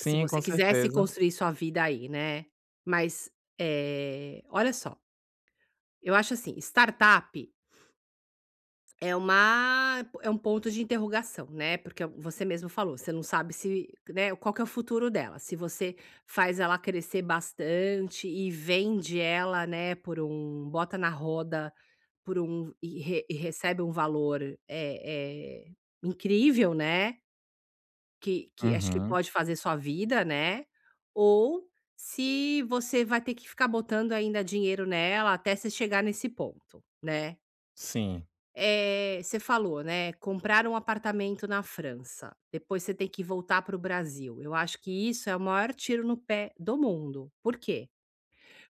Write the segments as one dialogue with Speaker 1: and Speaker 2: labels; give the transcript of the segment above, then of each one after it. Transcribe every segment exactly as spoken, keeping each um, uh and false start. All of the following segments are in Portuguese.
Speaker 1: Se você
Speaker 2: com
Speaker 1: quisesse
Speaker 2: certeza.
Speaker 1: construir sua vida aí, né, mas, eh, olha só, eu acho, assim, startup é uma é um ponto de interrogação, né, porque você mesmo falou, você não sabe se, né, qual que é o futuro dela, se você faz ela crescer bastante e vende ela, né, por um bota na roda, por um e e recebe um valor, é é, incrível, né que que, acho que
Speaker 2: Uhum.
Speaker 1: pode fazer sua vida, né, ou se você vai ter que ficar botando ainda dinheiro nela até você chegar nesse ponto, né.
Speaker 2: Sim.
Speaker 1: Eh, você falou, né, comprar um apartamento na França, depois você ter que voltar pro Brasil, eu acho que isso é o maior tiro no pé do mundo, por que?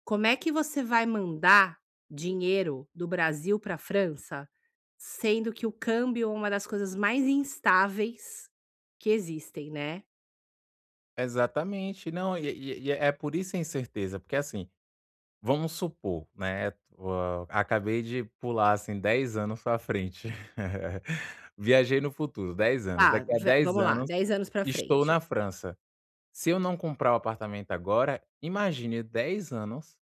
Speaker 1: Como é que você vai mandar dinheiro do Brasil pra França, sendo que o câmbio é uma das coisas mais instáveis que existem, né.
Speaker 2: Exatamente, não, e é e é e é por isso a incerteza, porque, assim, vamos supor, né, tu ah, acabei de pular, assim, dez anos pra frente, viajei no futuro, dez anos,
Speaker 1: Tá,
Speaker 2: daqui a
Speaker 1: va
Speaker 2: dez
Speaker 1: vamos lá,
Speaker 2: anos,
Speaker 1: dez anos pra
Speaker 2: estou
Speaker 1: frente.
Speaker 2: na França. Se eu não comprar o apartamento agora, imagine dez anos,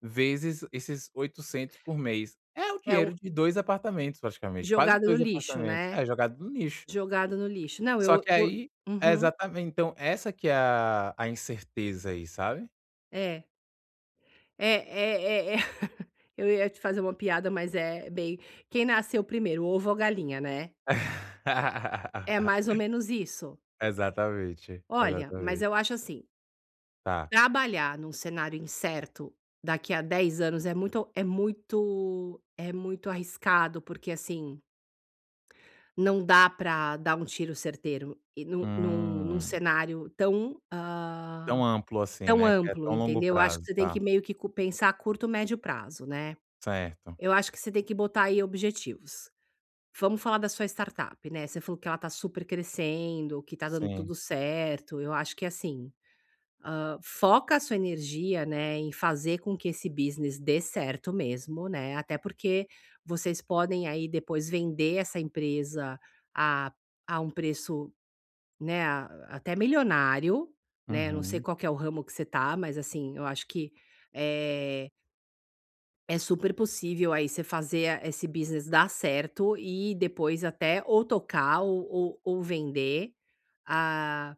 Speaker 2: vezes esses oitocentos por mês. É o
Speaker 1: É
Speaker 2: dinheiro
Speaker 1: um
Speaker 2: de dois apartamentos praticamente, quase
Speaker 1: Jogado no
Speaker 2: dois
Speaker 1: lixo,
Speaker 2: apartamentos.
Speaker 1: né.
Speaker 2: É jogado no lixo
Speaker 1: Jogado no lixo, não,
Speaker 2: só
Speaker 1: eu
Speaker 2: que
Speaker 1: eu
Speaker 2: aí é,
Speaker 1: uhum.
Speaker 2: exatamen então essa que é a a incerteza aí, sabe.
Speaker 1: É. É é é é eu ia te fazer uma piada, mas é, bem "quem nasceu primeiro, ovo ou galinha", né. É mais ou menos isso.
Speaker 2: Exatamente,
Speaker 1: Olha, mas
Speaker 2: exatamente.
Speaker 1: eu acho, assim
Speaker 2: Tá.
Speaker 1: trabalhar num cenário incerto, daqui a dez anos é muito é muito é muito arriscado porque, assim não dá pra dar um tiro certeiro e num num num
Speaker 2: Hum.
Speaker 1: cenário tão
Speaker 2: Tão
Speaker 1: hã,
Speaker 2: amplo, assim,
Speaker 1: tão
Speaker 2: né, que é
Speaker 1: amplo,
Speaker 2: tão longo
Speaker 1: entendeu. Eu acho que
Speaker 2: prazo.
Speaker 1: você tem que
Speaker 2: Tá.
Speaker 1: meio que pensar a curto médio prazo, né.
Speaker 2: Certo.
Speaker 1: Eu acho que você tem que botar aí objetivos. Vamos falar da sua startup, né, você falou que ela tá super crescendo, que tá dando
Speaker 2: Sim.
Speaker 1: tudo certo, eu acho que, assim, hã, foca a sua energia, né, em fazer com que esse business dê certo mesmo, né, até porque vocês podem aí depois vender essa empresa a a um preço, né, ah, até milionário, né, não sei
Speaker 2: Uhum.
Speaker 1: qual que é o ramo que você tá, mas, assim, eu acho que, eh é super possível aí você fazer esse business dar certo e depois até, ou tocar ou ou ou vender, ah